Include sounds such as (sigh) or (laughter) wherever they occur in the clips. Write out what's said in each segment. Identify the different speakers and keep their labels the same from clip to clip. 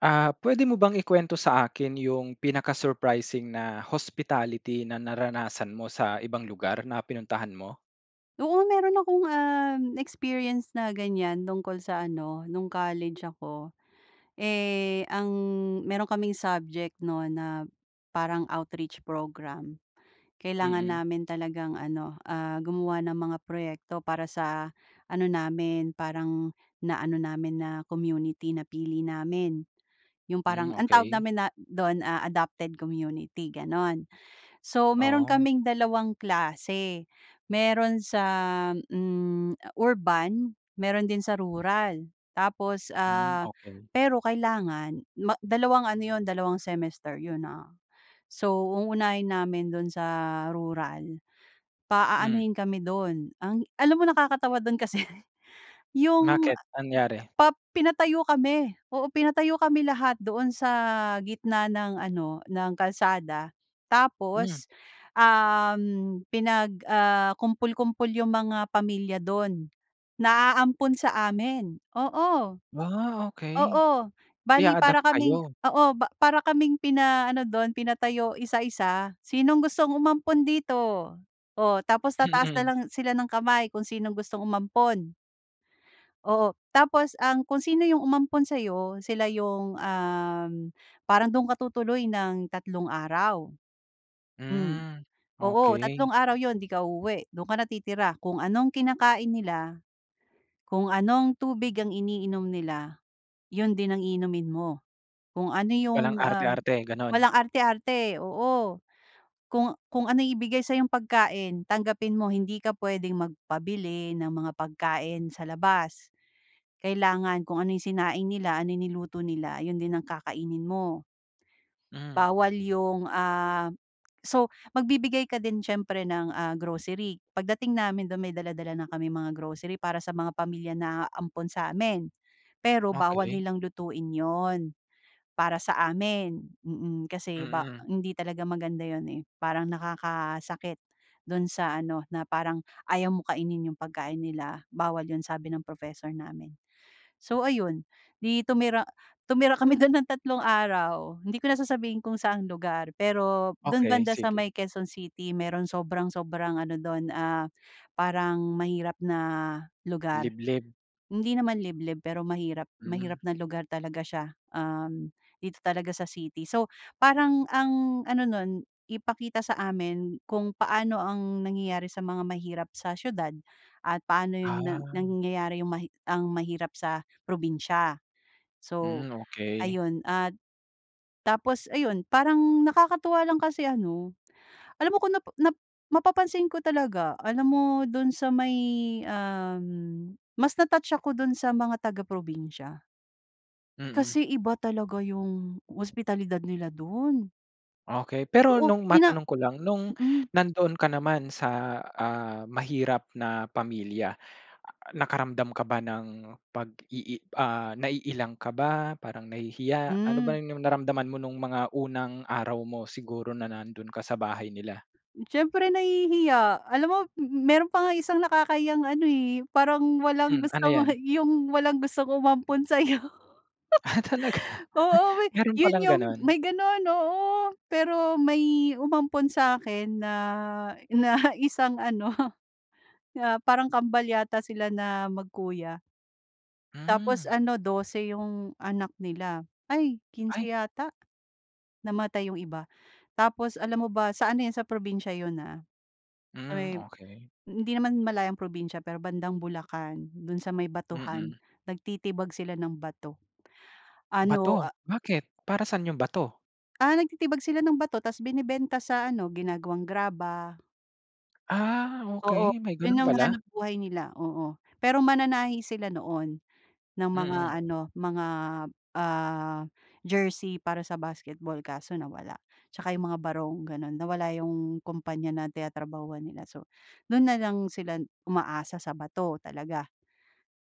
Speaker 1: Ah, puwede mo bang ikuwento sa akin yung pinaka-surprising na hospitality na naranasan mo sa ibang lugar na pinuntahan mo?
Speaker 2: Oo, meron akong, um, experience na ganiyan tungkol sa ano, nung college ako. Eh, ang meron kaming subject 'no na parang outreach program. Kailangan
Speaker 1: Mm.
Speaker 2: namin talagang ano, ah, gumawa ng mga proyekto para sa ano namin, parang na-ano namin na community, napili namin. Yung
Speaker 1: Hmm,
Speaker 2: parang ang tawag
Speaker 1: okey.
Speaker 2: namin na do'n, ah, adopted community, gano'n. So, meron
Speaker 1: Oo.
Speaker 2: kaming dalawang klase. Meron sa, hmm, urban, meron din sa rural. Tapos,
Speaker 1: Hmm,
Speaker 2: ah,
Speaker 1: okey.
Speaker 2: pero kailangan ma dalawang ano 'yon, dalawang semester 'yon, ah. So, uunahin namin do'n sa rural,
Speaker 1: Hmm.
Speaker 2: paaanuhin kami do'n, ang alam mo nakakatawa do'n kasi yung
Speaker 1: Bakit? Anyari?
Speaker 2: pa pinatayo kami, oo, pinatayo kami lahat doon sa gitna ng ano, ng kalsada
Speaker 1: Hmm.
Speaker 2: tapos, um, pinag ah, kumpul-kumpol yung mga pamilya dun, na aampon sa amin, oo.
Speaker 1: Ah, okey.
Speaker 2: Oo, bale
Speaker 1: Ia-adopt
Speaker 2: para kaming
Speaker 1: kayo?
Speaker 2: oo, ba para kaming pina-ano do'n, pinatayo isa-isa. Sinong gustong umampon dito? O tapos tataas na
Speaker 1: Mm.
Speaker 2: lang sila ng kamay kung sinong gustong umampon. Oo, tapos ang kung sino yung umampon sa'yo, sila yung, um, parang dun ka tutuloy ng tatlong araw. Hmm.
Speaker 1: Hmm,
Speaker 2: Oo,
Speaker 1: okey.
Speaker 2: tatlong araw 'yon, 'di ka uuwi. Dun ka na titira. Kung anong kinakain nila, kung anong tubig ang iniinom nila, yun din ang iinumin mo. Kung ano
Speaker 1: Walang
Speaker 2: yung, ah,
Speaker 1: arte-arte, gano'n?
Speaker 2: walang arte-arte oo, kung kung anong ibigay sa'yong pagkain, tanggapin mo. Hindi ka puwedeng magpabili ng mga pagkain sa labas. Kailangan kung ano yung sinaing nila, anong niluto nila, ayun din ang kakainin mo.
Speaker 1: Hmm.
Speaker 2: Bawal yung, ah so magbibigay ka din siyempre ng, ah, grocery. Pagdating namin do'n, may dala-dala na kaming mga grocery para sa mga pamilya na aampon sa amin. Pero bawal
Speaker 1: Okey.
Speaker 2: nilang lutuin 'yon, para sa amin, mm, kasi ba
Speaker 1: Mm.
Speaker 2: hindi talaga maganda 'yon, eh. Parang nakakasakit do'n sa ano, na parang ayaw mong kainin yung pagkain nila. Bawal 'yon sabi ng professor namin. So ayun, 'di tumira tumira kami dun ng tatlong araw. Hindi ko na sasabihin kung saang lugar, pero dun
Speaker 1: Okey,
Speaker 2: banda sa
Speaker 1: sige.
Speaker 2: may Quezon City. Merong sobrang sobrang ano dun, ah, parang mahirap na lugar.
Speaker 1: Liblib?
Speaker 2: Hindi naman liblib, pero mahirap mahirap
Speaker 1: Hmm.
Speaker 2: na lugar talaga siya, um, dito talaga sa city. So parang ang ano nun, ipakita sa amin kung paano ang nangyayari sa mga mahirap sa siyudad at paano yun na
Speaker 1: Ah.
Speaker 2: nangyayari yung mahi ang mahirap sa probinsiya. So,
Speaker 1: Hmm, okey.
Speaker 2: ayun at tapos ayun, parang nakakatuwa lang kasi ano, alam mo kung nap nap mapapansin ko talaga, alam mo dun sa may um, mas na-touch ako dun sa mga taga-probinsiya.
Speaker 1: Mm.
Speaker 2: Kasi iba talaga 'yong hospitalidad nila do'n.
Speaker 1: Okey. Pero
Speaker 2: Oo,
Speaker 1: no'ng
Speaker 2: ina
Speaker 1: matanong ko lang no'ng,
Speaker 2: mm.
Speaker 1: nandoon ka naman sa, ah, mahirap na pamilya, nakaramdam ka ba ng pag-ii ah, naiilang ka ba, parang nahihiya, ano ba
Speaker 2: Hmm.
Speaker 1: 'yong naramdaman mo no'ng mga unang araw mo, siguro na nando'n ka sa bahay nila?
Speaker 2: Siyempre nahihiya. Alam mo, m m meron pa nga isang nakakahiyang ano eh, parang walang
Speaker 1: Hmm, ano
Speaker 2: gusto mo
Speaker 1: 'yan?
Speaker 2: 'yong walang gustong umampon sa'yo.
Speaker 1: Ah, talaga,
Speaker 2: (laughs) Oo may
Speaker 1: meron
Speaker 2: 'yon
Speaker 1: palang
Speaker 2: 'yong,
Speaker 1: gano'n?
Speaker 2: may gano'n, oo. Pero may umampon sa'kin na, na isang ano, ah, parang kambal yata sila na magkuya. Tapos
Speaker 1: Hmm.
Speaker 2: ano, 12 'yong anak nila, ay, 15
Speaker 1: Ay.
Speaker 2: yata, namatay 'yong iba. Tapos, alam mo ba, sa ano 'yon sa probinsiya 'yon ah- sa
Speaker 1: Hmm,
Speaker 2: may
Speaker 1: okey.
Speaker 2: hindi naman malayong probinsiya pero bandang Bulacan, do'n sa may batuhan.
Speaker 1: Mm.
Speaker 2: Nagtitibag sila ng bato. Ano
Speaker 1: Bato,
Speaker 2: ah
Speaker 1: bakit? Para sa'n 'yong bato?
Speaker 2: Ah, nagtitibag sila ng bato, 'tas binebenta sa ano, ginagawang graba.
Speaker 1: Ah,
Speaker 2: Oo
Speaker 1: okey may
Speaker 2: 'yon
Speaker 1: ganun
Speaker 2: ang
Speaker 1: pala.
Speaker 2: hanapbuhay nila, oo. Pero mananahi sila noon ng mga
Speaker 1: Mm.
Speaker 2: ano mga, ah, jersey para sa basketball. Kaso nawala, 'tsaka 'yong mga barong gano'n. Nawala 'yong kumpanya na tinatrabahuhan nila. So do'n na lang sila umaasa sa bato talaga.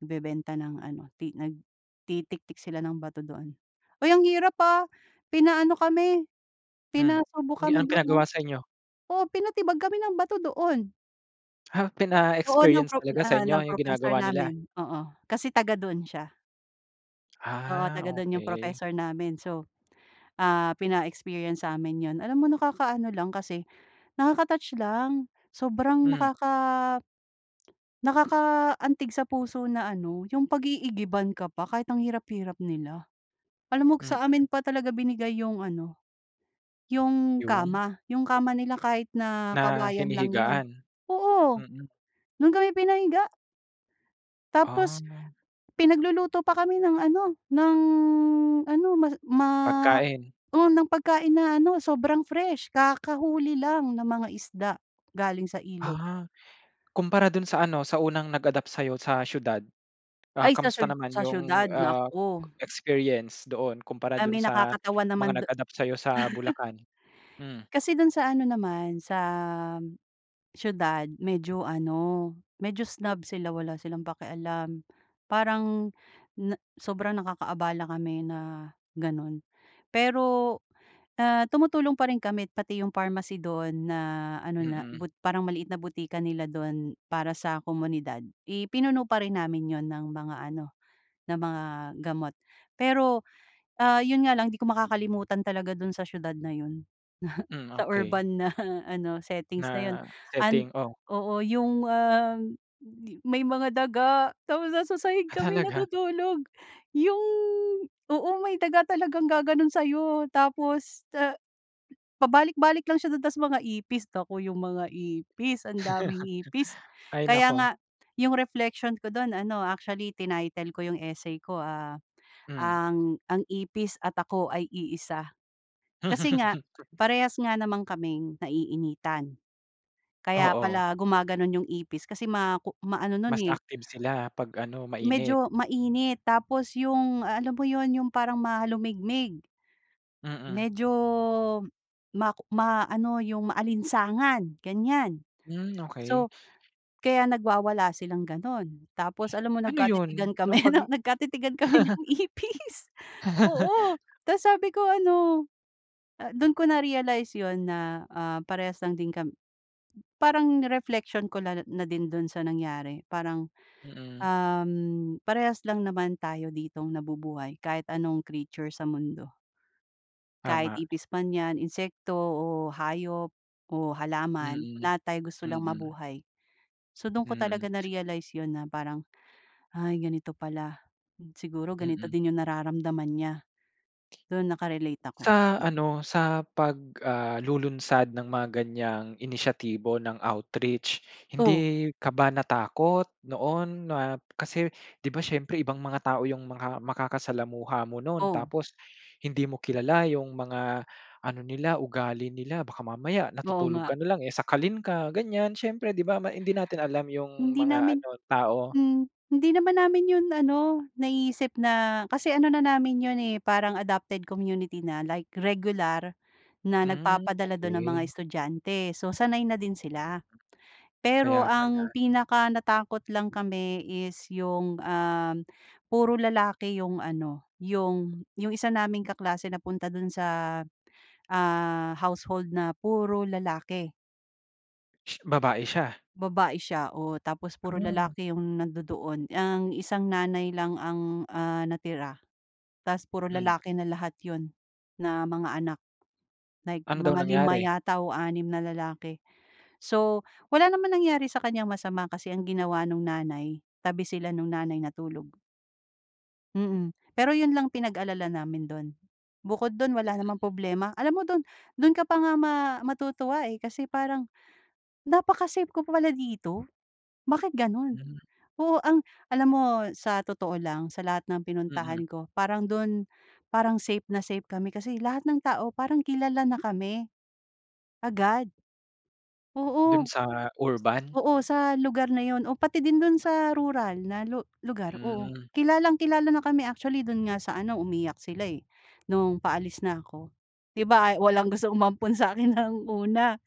Speaker 2: Nagbebenta ng ano ti nagtitiktik sila ng bato doon. Uy ang hirap, ah, pinaano kami
Speaker 1: Hmm,
Speaker 2: pinasubok
Speaker 1: gi
Speaker 2: kami
Speaker 1: anong
Speaker 2: do'n, ah.
Speaker 1: pinagawa sa inyo?
Speaker 2: Oo pinatibag kami ng bato doon.
Speaker 1: Ha,
Speaker 2: Oo, ng
Speaker 1: pina-experience
Speaker 2: pro
Speaker 1: talaga sa
Speaker 2: ah,
Speaker 1: inyo
Speaker 2: ng
Speaker 1: yung
Speaker 2: professor
Speaker 1: ginagawa nila?
Speaker 2: namin. Oo kasi taga-doon siya. Oo
Speaker 1: Ah,
Speaker 2: taga dun yung
Speaker 1: okey.
Speaker 2: professor namin. So, ah, pina-experience sa amin 'yon. Alam mo nakakaano lang kasi nakaka-touch lang. Sobrang
Speaker 1: Mm.
Speaker 2: nakaka nakaka-antig sa puso na ano yung pag-iigiban ka pa kahit ang hirap-hirap nila. Alam mo
Speaker 1: Mm.
Speaker 2: sa amin pa talaga binigay yung ano yung
Speaker 1: Yung?
Speaker 2: kama. Yung kama nila kahit na
Speaker 1: Na
Speaker 2: kawayan lang yun.
Speaker 1: hinihigaan?
Speaker 2: Oo,
Speaker 1: Mm.
Speaker 2: dun kami pinahiga. Tapos
Speaker 1: Ah.
Speaker 2: pinagluluto pa kami ng ano ng ano ma ma
Speaker 1: Pagkain.
Speaker 2: oo ng pagkain na ano sobrang fresh. Kakahuli lang na mga isda galing sa ilog.
Speaker 1: Ah, kumpara dun sa ano sa unang nag-adapt sayo sa siyudad, ah,
Speaker 2: Ay sa
Speaker 1: kumusta
Speaker 2: siyu
Speaker 1: naman
Speaker 2: sa
Speaker 1: 'yong,
Speaker 2: siyudad
Speaker 1: ah,
Speaker 2: naku.
Speaker 1: experience doon kumpara
Speaker 2: Ay
Speaker 1: dun
Speaker 2: may
Speaker 1: sa
Speaker 2: nakakatawan
Speaker 1: mga
Speaker 2: naman du (chuckles)
Speaker 1: nag-adapt sayo sa Bulacan? Hmm.
Speaker 2: kasi dun sa ano naman sa siyudad medyo ano medyo snob sila wala silang pakialam. Parang na sobrang nakakaabala kami na ganun. Pero na tumutulong pa rin kami pati yung pharmacy dun na ano na
Speaker 1: Mm.
Speaker 2: bot parang maliit na butika nila dun para sa komunidad ipinuno pa rin namin yun ng mga ano ng mga gamot. Pero, ah, yun nga lang di ko makakalimutan talaga dun sa siyudad na yun (chuckles)
Speaker 1: Mm,
Speaker 2: sa
Speaker 1: okey.
Speaker 2: urban na ano settings na yun
Speaker 1: Na
Speaker 2: an
Speaker 1: setting o.
Speaker 2: oo yung, uhm, may mga daga tapos nasa sahig
Speaker 1: Ah,
Speaker 2: kami
Speaker 1: talaga?
Speaker 2: natutulog yung oo may daga talagang gaganon sayo tapos, ah, pabalik-balik lang siya dun tas mga ipis nako yung mga ipis ang daming ipis.
Speaker 1: (chuckles) Ay
Speaker 2: Kaya
Speaker 1: nako!
Speaker 2: nga yung reflection ko dun ano actually tinaytel ko yung essay ko, ah,
Speaker 1: Mm.
Speaker 2: ang ang ipis at ako ay iisa. Kasi nga,
Speaker 1: (laughs)
Speaker 2: parehas nga naman kaming naiinitan kaya
Speaker 1: Oo.
Speaker 2: pala gumaganon yung ipis kasi ma ku maano nun,
Speaker 1: Mas
Speaker 2: eh
Speaker 1: active sila pag ano mainit.
Speaker 2: medyo mainit tapos yung alam mo yun yung parang mahalumigmig.
Speaker 1: Mm.
Speaker 2: Medyo mak ma ano yung maalinsangan ganyan.
Speaker 1: Mm, okey.
Speaker 2: So kaya nagwawala silang ganun, tapos alam mo
Speaker 1: Ano yun
Speaker 2: nagkatitigan
Speaker 1: nung
Speaker 2: kami
Speaker 1: pag
Speaker 2: (chuckles) nagkatitigan kami ng
Speaker 1: (chuckles)
Speaker 2: ipis oo
Speaker 1: (chuckles)
Speaker 2: tas sabi ko ano dun ko narealize yun na, ah, parehas lang din kam parang reflection ko na din dun sa nangyari. Parang,
Speaker 1: Mm.
Speaker 2: uhm, parehas lang naman tayo ditong nabubuhay kahit anong creature sa mundo. Kahit
Speaker 1: Tama.
Speaker 2: ipis man yan, insekto, o hayop, o halaman.
Speaker 1: Mm,
Speaker 2: Lahat tayo gusto lang
Speaker 1: mm.
Speaker 2: mabuhay. So dun ko
Speaker 1: Mm.
Speaker 2: talaga narealize yun na parang, "Ay, ganito pala. Siguro ganito
Speaker 1: Mm.
Speaker 2: din yung nararamdaman niya." doon naka-relate ako,
Speaker 1: Sa
Speaker 2: mm.
Speaker 1: ano sa pag, ah, lulunsad ng mga ganyang inisyatibo ng outreach,
Speaker 2: Oh.
Speaker 1: hindi ka ba natakot noon na kasi di ba siyempre ibang mga tao yung mga makakasalamuha mo noon
Speaker 2: Oh.
Speaker 1: tapos hindi mo kilala yung mga ano nila ugali nila. Baka mamaya
Speaker 2: Oo
Speaker 1: natutulog
Speaker 2: nga.
Speaker 1: ka na lang, eh, sakalin ka ganyan siyempre di ba ma hindi natin alam yung
Speaker 2: Hindi
Speaker 1: mga
Speaker 2: namin
Speaker 1: ano tao.
Speaker 2: mm. Hindi naman namin 'yon ano naisip na kasi ano na namin 'yon, eh, parang adopted community na like regular na
Speaker 1: Mm,
Speaker 2: nagpapadala dun ng mga
Speaker 1: okey.
Speaker 2: estudyante so sanay na din sila. Pero
Speaker 1: Kaya
Speaker 2: ang
Speaker 1: pala.
Speaker 2: pinaka-natakot lang kami is 'yong, uhm, puro lalaki 'yong ano 'yong 'yong isa naming kaklase napunta do'n sa, ah, household na puro lalaki.
Speaker 1: (sneezes) Babae siya.
Speaker 2: Babae siya, o tapos puro
Speaker 1: Ano.
Speaker 2: lalaki 'yong nandu-doon. Ang isang nanay lang ang ah, natira, tas puro
Speaker 1: Hmm.
Speaker 2: lalaki na lahat 'yon, na mga anak, like
Speaker 1: Ano daw
Speaker 2: mga 5
Speaker 1: nangyari?
Speaker 2: yata o 6 na lalaki. So wala naman nangyari sa kanyang masama kasi ang ginawa no'ng nanay, tabi sila no'ng nanay natulog. Mm. Pero 'yun lang pinag-alala namin do'n, bukod do'n wala namang problema. Alam mo do'n, do'n ka pa nga ma matutuwa eh, kasi parang, napaka-safe ko pala dito, bakit gano'n?
Speaker 1: Mhm.
Speaker 2: Oo, ang alam mo sa totoo lang, sa lahat ng
Speaker 1: Mm.
Speaker 2: pinuntahan ko parang do'n, parang safe na safe kami kasi lahat ng tao parang kilala na kami, agad.
Speaker 1: Do'n
Speaker 2: Oo,
Speaker 1: sa urban?
Speaker 2: oo sa lugar na 'yon, o pati din do'n sa rural na lu lugar, oo,
Speaker 1: Hmm.
Speaker 2: kilalang kilala na kami. Actually do'n nga sa ano, umiyak sila eh, no'ng paalis na ako. 'Di ba, ay walang gustong umampon sa akin ng una,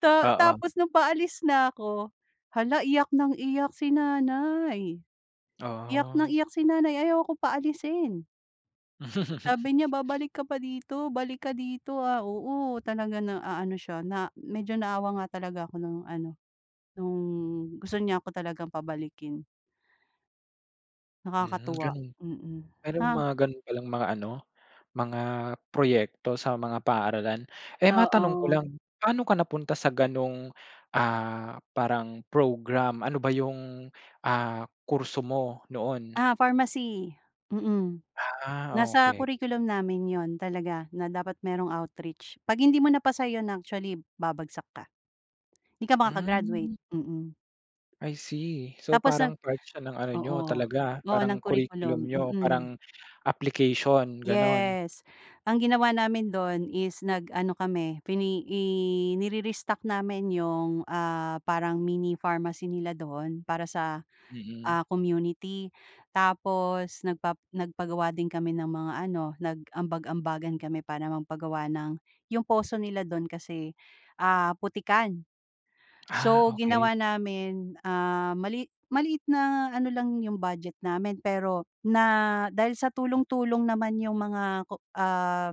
Speaker 2: ta
Speaker 1: Oo.
Speaker 2: tapos no'ng paalis na ako, hala iyak ng iyak si nanay, iyak ng
Speaker 1: Ah.
Speaker 2: iyak si nanay ayaw ako paalisin.
Speaker 1: (chuckles)
Speaker 2: Sabi niya, "Babalik ka pa dito, balik ka dito ah." Oo, talaga na aano siya, na medyo naawa nga talaga ako no'ng ano, no'ng gusto niya ako talagang pabalikin.
Speaker 1: Hmm,
Speaker 2: Nakakatuwa,
Speaker 1: gano'n.
Speaker 2: mm,
Speaker 1: Mayro'ng
Speaker 2: ha.
Speaker 1: mga gano'n palang mga ano, mga proyekto sa mga paaralan. Eh, matanong ko
Speaker 2: Oo.
Speaker 1: lang, paano ka napunta sa gano'ng ah, parang program, ano ba 'yong ah, kurso mo noon?
Speaker 2: Ah, pharmacy. Mm,
Speaker 1: Ah,
Speaker 2: nasa
Speaker 1: okey.
Speaker 2: curriculum namin 'yon talaga na dapat merong outreach. 'Pag hindi mo na pasa 'yun actually, babagsak ka. 'Di ka makaka-graduate,
Speaker 1: Hmm.
Speaker 2: mm.
Speaker 1: I see. So
Speaker 2: Tapos nag
Speaker 1: parang part siya ng ano niyo
Speaker 2: oo,
Speaker 1: talaga,
Speaker 2: oo ng
Speaker 1: parang curriculum
Speaker 2: curriculum,
Speaker 1: niyo,
Speaker 2: mm.
Speaker 1: parang application gano'n?
Speaker 2: Yes. Ang ginawa namin do'n is nag-ano kami, fi ne i nire-restock namin 'yung ah, parang mini pharmacy nila doon para sa
Speaker 1: Mm.
Speaker 2: ah, community. Tapos nagpa nagpagawa din kami ng mga ano, nag-ambag-ambagan kami para magpagawa ng 'yung poso nila do'n kasi ah, putikan.
Speaker 1: Ah,
Speaker 2: So
Speaker 1: okey.
Speaker 2: ginawa namin ah, mali maliit na ano lang 'yung budget namin pero na dahil sa tulong-tulong naman 'yung mga ah,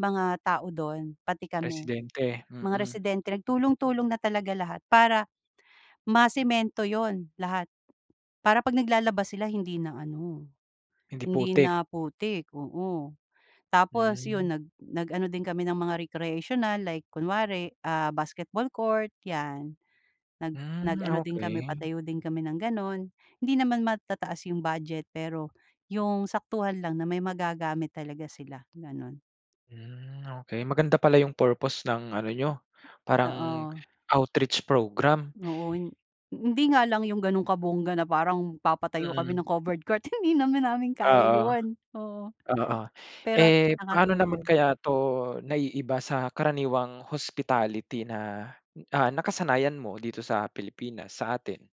Speaker 2: mga tao do'n pati kami
Speaker 1: Presidente,
Speaker 2: mga
Speaker 1: mm.
Speaker 2: residente nag tulong-tulong na talaga lahat, para masemento 'yun lahat. Para 'pag naglalaba sila hindi na ano,
Speaker 1: Hindi
Speaker 2: hindi
Speaker 1: putik.
Speaker 2: na putik, oo. Tapos
Speaker 1: Hmm.
Speaker 2: 'yun, nag nag ano din kami ng mga recreational like kunwari ah, basketball court 'yan, nag nag
Speaker 1: Hmm,
Speaker 2: ano din kami
Speaker 1: okey.
Speaker 2: patayo din kami ng gano'n. Hindi naman matataas 'yung budget pero 'yung saktuhan lang na may magagamit talaga sila, gano'n.
Speaker 1: Hmm, okey. Maganda pala 'yung purpose ng ano niyo, parang
Speaker 2: Oo.
Speaker 1: outreach program.
Speaker 2: Oo. Hin hindi nga lang 'yung gano'ng kabongga na parang papatayo kami
Speaker 1: Mm.
Speaker 2: ng covered court, hindi naman namin kaya
Speaker 1: Oo,
Speaker 2: 'yun. Oo,
Speaker 1: oo.
Speaker 2: pero at least
Speaker 1: Eh, paano naman
Speaker 2: nakatulong.
Speaker 1: kaya 'to naiiba sa karaniwang hospitality na, ah, nakasanayan mo dito sa Pilipinas, sa atin?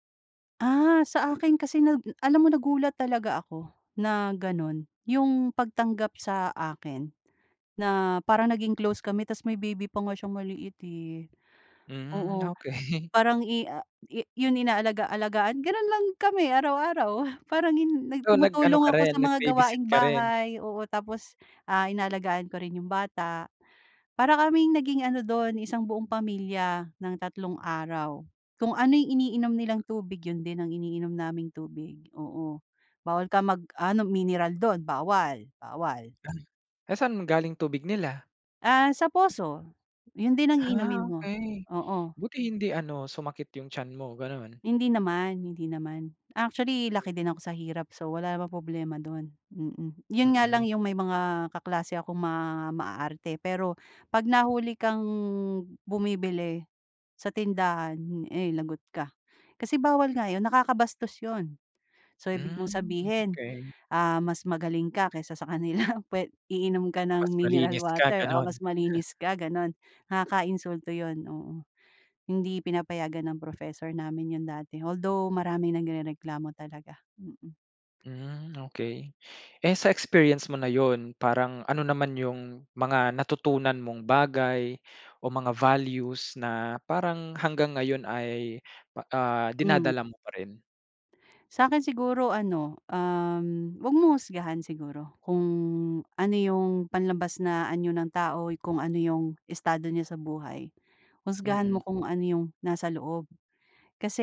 Speaker 2: Ah, sa akin kasi nag alam mo nagulat talaga ako na gano'n 'yong pagtanggap sa akin na parang naging close kami, tapos may baby pa nga siyang maliit, eh,
Speaker 1: Mm
Speaker 2: oo.
Speaker 1: okey.
Speaker 2: Parang i ah, i 'yon inaalagaalagaan gano'n lang kami araw-araw. Parang hin nag
Speaker 1: Oh, nag-ano
Speaker 2: tumutulong
Speaker 1: ka
Speaker 2: ako
Speaker 1: rin,
Speaker 2: sa mga
Speaker 1: nag-babysit
Speaker 2: gawaing
Speaker 1: ka rin?
Speaker 2: bahay oo, tapos, ah, inaalagaan ko rin 'yong bata, para kaming naging ano dun isang buong pamilya ng tatlong araw. Kung ano yung iniinom nilang tubig yun din ang iniinom naming tubig, oo, bawal ka mag-ano mineral dun, bawal, bawal.
Speaker 1: Ah. Eh, saan galing tubig nila?
Speaker 2: Ah, sa poso, yun din ang iinomin
Speaker 1: Ah,
Speaker 2: mo,
Speaker 1: okey.
Speaker 2: oo.
Speaker 1: Buti hindi ano sumakit 'yong tiyan mo, gano'n?
Speaker 2: Hindi naman, hindi naman. Actually laki din ako sa hirap. So, wala namang problema do'n, mm. 'Yon nga lang
Speaker 1: Mm.
Speaker 2: 'yong may mga kaklase akong ma maarte pero 'pag nahuli kang bumibili sa tindahan, eh, lagot ka, kasi bawal nga 'yon nakakabastos 'yon. So, ibig mong
Speaker 1: Hmm,
Speaker 2: sabihin,
Speaker 1: okey.
Speaker 2: ah, mas magaling ka kaysa sa kanila pwe iinom ka
Speaker 1: Mas
Speaker 2: ng mineral
Speaker 1: malinis ka,
Speaker 2: water o
Speaker 1: ganun?
Speaker 2: mas
Speaker 1: (chuckles)
Speaker 2: malinis ka gano'n nakaka-insulto 'yon, oo. Hindi pinapayagan ng professor namin yun dati, although maraming nagrereklamo talaga, mm.
Speaker 1: Hmm, okey. Eh, sa experience mo na yun parang ano naman yung mga natutunan mong bagay o mga values na parang hanggang ngayon ay, pa ah,
Speaker 2: Hmm.
Speaker 1: dinadala mo pa rin?
Speaker 2: Sa'kin siguro ano, um, huwag mong husgahan siguro kung ano yung panlabas na anyo ng tao, kung ano yung estado niya sa buhay. Husgahan mo
Speaker 1: Mm.
Speaker 2: kung ano yung nasa loob,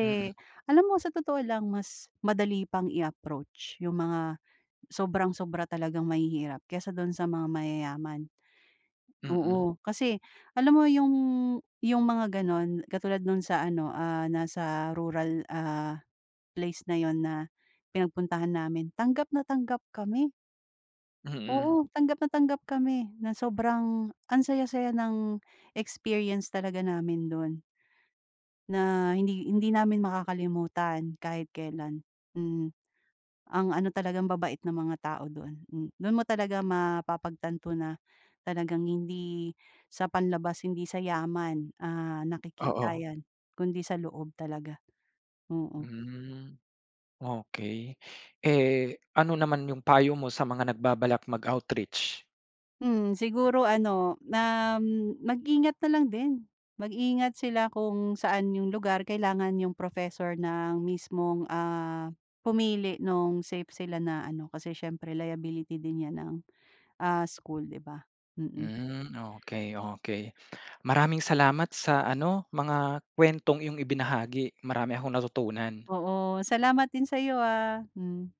Speaker 1: Mm.
Speaker 2: alam mo sa totoo lang mas madali pang i-approach yung mga sobrang sobra talagang mahihirap kaysa do'n sa mga mayayaman,
Speaker 1: Mm.
Speaker 2: oo kasi alam mo yung, yung mga gano'n katulad nung sa ano, ah, nasa rural, ah, place na yun na pinagpuntahan namin tanggap na tanggap kami.
Speaker 1: Mm.
Speaker 2: Oo, tanggap na tanggap kami ng sobrang ang saya-saya ng experience talaga namin do'n na hindi hindi namin makakalimutan kahit kailan, mm. Ang ano talagang ambabait ng mga tao doon, m doon mo talaga mapapagtanto na talagang hindi sa panlabas hindi sa yaman, ah, nakikita
Speaker 1: Oo.
Speaker 2: yan kundi sa loob talaga, oo.
Speaker 1: Hmm. Okey, eh, ano naman yung payo mo sa mga nagbabalak mag-outreach?
Speaker 2: Mhm, siguro ano na m mag-ingat na lang din. Mag-ingat sila kung saan yung lugar kailangan yung professor na ang mismong, ah, pumili nung safe sila na ano, kasi siyempre liability din yan ng, ah, school di ba? Mm.
Speaker 1: Hmm. Okey, okey. Maraming salamat sa ano mga kuwentong iyong ibinahagi, marami akong natutunan.
Speaker 2: Oo, salamat din sa'yo, ah, hm.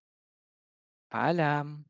Speaker 1: Paalam!